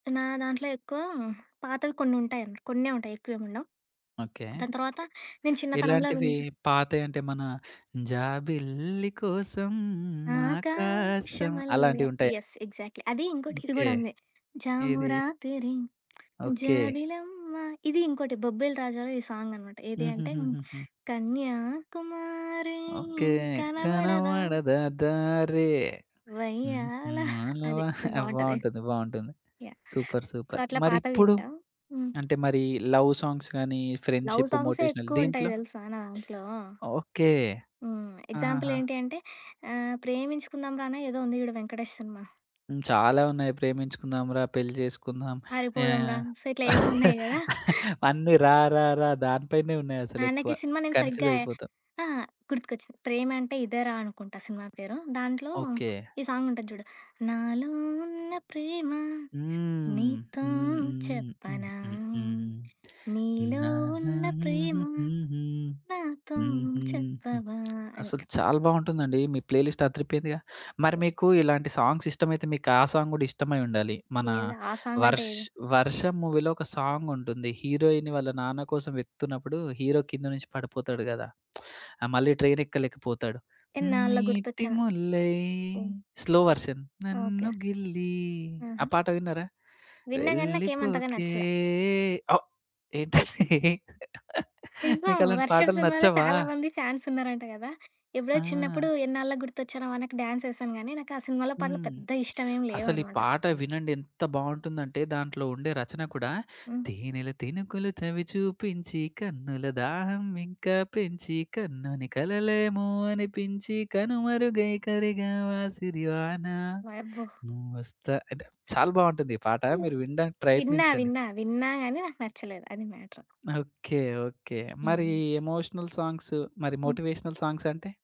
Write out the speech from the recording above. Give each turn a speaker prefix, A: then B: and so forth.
A: నా దాంట్లో ఎక్కువ పాతవి కొన్నుంటాయి. కొన్నే ఉంటాయి. ఎక్కువేముండవు.
B: ఓకే.
A: దాని తర్వాత నేను చిన్నతనంలో
B: ఇలాంటివి
A: విన్నా
B: పాతవి అంటే, మన జాబిల్లి కోసం ఆకాశం
A: ఆకాశమల్లే.
B: అలాంటివి ఉంటాయ?
A: యెస్. ఎగ్జాక్ట్‌లీ. అది ఇంకోటి ఇది
B: ఓకే.
A: గూడా ఉంది.
B: ఏది?
A: జామురాతిరి,
B: ఓకే.
A: జాబిలమ్మ. ఇది ఇంకోటి 'బొబ్బిలి రాజాలో' ఈ సాంగ్ అన్నమాట. ఏది అంటే, హ్మ్.
B: హుహుహుహుహు.
A: కన్యాకుమారి
B: ఓకే.
A: కనబడదా...
B: కనపడదా దారి.
A: వయ్యాల
B: ఊహుఆల వ
A: అది బావుంటది.
B: బావుంటుంది. బావుంటుంది.
A: యాహ్!
B: సూపర్!
A: So
B: super!
A: అట్లా పాతవి
B: మరిప్పుడు
A: వింటా. హ్మ్.
B: అంటే మరి లవ్ సాంగ్స్ గానీ,
A: లవ్
B: ఫ్రెండ్‌షిప్,
A: సాంగ్సే
B: మోటివేషనల్
A: ఎక్కువ ఉంటాయి
B: దీంట్లో?
A: తెలుసా నా దాంట్లో?
B: ఓకే.
A: హ్మ్. ఎగ్జాంపుల్
B: అహహా.
A: ఏంటి అంటే ఆహ్, 'ప్రేమించుకుందాం రానో' ఏదో ఉంది చూడు 'వెంకటేష్' సినిమా.
B: హ్మ్. చాలా ఉన్నాయి. ప్రేమించుకుందాం రా! పెళ్లి చేసుకుందాం
A: పారిపోదాం రా!
B: ఆహ్,
A: సో ఇట్లా ఏవో ఉన్నాయి గదా!
B: అన్నీ రా రా రా దాని పైనే
A: ఆ!
B: ఉన్నాయసలు ఎక్కువ.
A: నాకి సినిమా నేమ్
B: కన్ఫ్యూజ్
A: సరిగ్గా ఐ
B: అయిపోతాం.
A: ఆ! గుర్తుకొచ్చింది. 'ప్రేమంటే ఇదేరా!' అనుకుంటా సినిమా పేరు. దాంట్లో
B: ఓకే.
A: ఈ సాంగ్ ఉంటది జూడు, నాలో ఉన్న ప్రేమ,
B: హ్మ్.
A: నీతో
B: హ్మ్ హ్మ్ ఉహ్
A: చెప్పనా?
B: హ్మ్ హ్మ్
A: నీలో
B: నానా
A: ఉన్న ప్రేమ,
B: హుహుహుహు
A: నాతో
B: హుహు హ్మ్.
A: చెప్పవా అని.
B: అసలు చాలా బావుంటుందండి. మీ ప్లే లిస్ట్ అదిరిపోయిందిగా! మరి మీకు ఇలాంటి సాంగ్స్ ఇష్టమైతే మీకు ఆ సాంగ్ గూడా ఇష్టమై ఉండాలి. మన
A: ఏది? ఆ సాంగ్ అంటే
B: వర్ష్
A: ఏది?
B: వర్షం మూవీలో ఒక సాంగ్ ఉంటుంది. హీరోయిని వాళ్ళ నాన్న కోసం వెతుకుతున్నప్పుడు హీరో కింద నుంచి పడిపోతాడు గదా! ఆ! మళ్ళీ ట్రైన్ ఎక్కలేకపోతాడు.
A: ఇన్నాళ్ళకి
B: నీటి
A: గుర్తొచ్చా
B: ముల్లై
A: ఓహ్!
B: స్లో వర్షన్ నన్ను
A: ఓకే.
B: గిల్లి ఆ
A: ఆహా!
B: పాట విన్నారా?
A: విన్నా గాని, నాకేం అంతగా
B: వెళ్ళిపోకే
A: నచ్చలా.
B: ఏంటి
A: నిజం.
B: మీకలాంటి
A: వర్షం
B: పాటలు
A: సినిమాలో
B: నచ్చవా?
A: చాలా మంది ఫ్యాన్స్ ఉన్నారంట గదా! ఎప్పుడో చిన్నప్పుడు,
B: ఆ!
A: ఎన్నాళ్లకి గుర్తొచ్చానా వానా‌కి డ్యాన్స్ యేశాను గానీ, నాకు ఆ సినిమాలో పాటలు
B: హ్మ్.
A: పెద్ద ఇష్టం ఏం
B: అసలు ఈ
A: లేవన్నమాట.
B: పాట వినండి ఎంత బావుంటుందంటే దాంట్లో ఉండే రచన కూడా,
A: హ్మ్.
B: తేనెల తినుకులు చవి చూపించి, కన్నుల దాహం ఇంకా పెంచి, కమ్మని కలవేమో అనిపించి, కనుమరుగై కరిగావా, సిరివాన.
A: వాయబ్బో!
B: నువ్వొస్తా అంటే చాలా బావుంటుంది ఈ పాట మీరు వినడానికి
A: విన్నా.
B: ప్రయత్నించండి.
A: విన్నా. విన్నా గాని నాకు నచ్చలేదు. అది మ్యాటర్.
B: ఓకే. ఓకే. మరి
A: హ్మ్.
B: ఎమోషనల్ సాంగ్స్ మరి
A: హ్మ్.
B: మోటివేషనల్ సాంగ్స్ అంటే?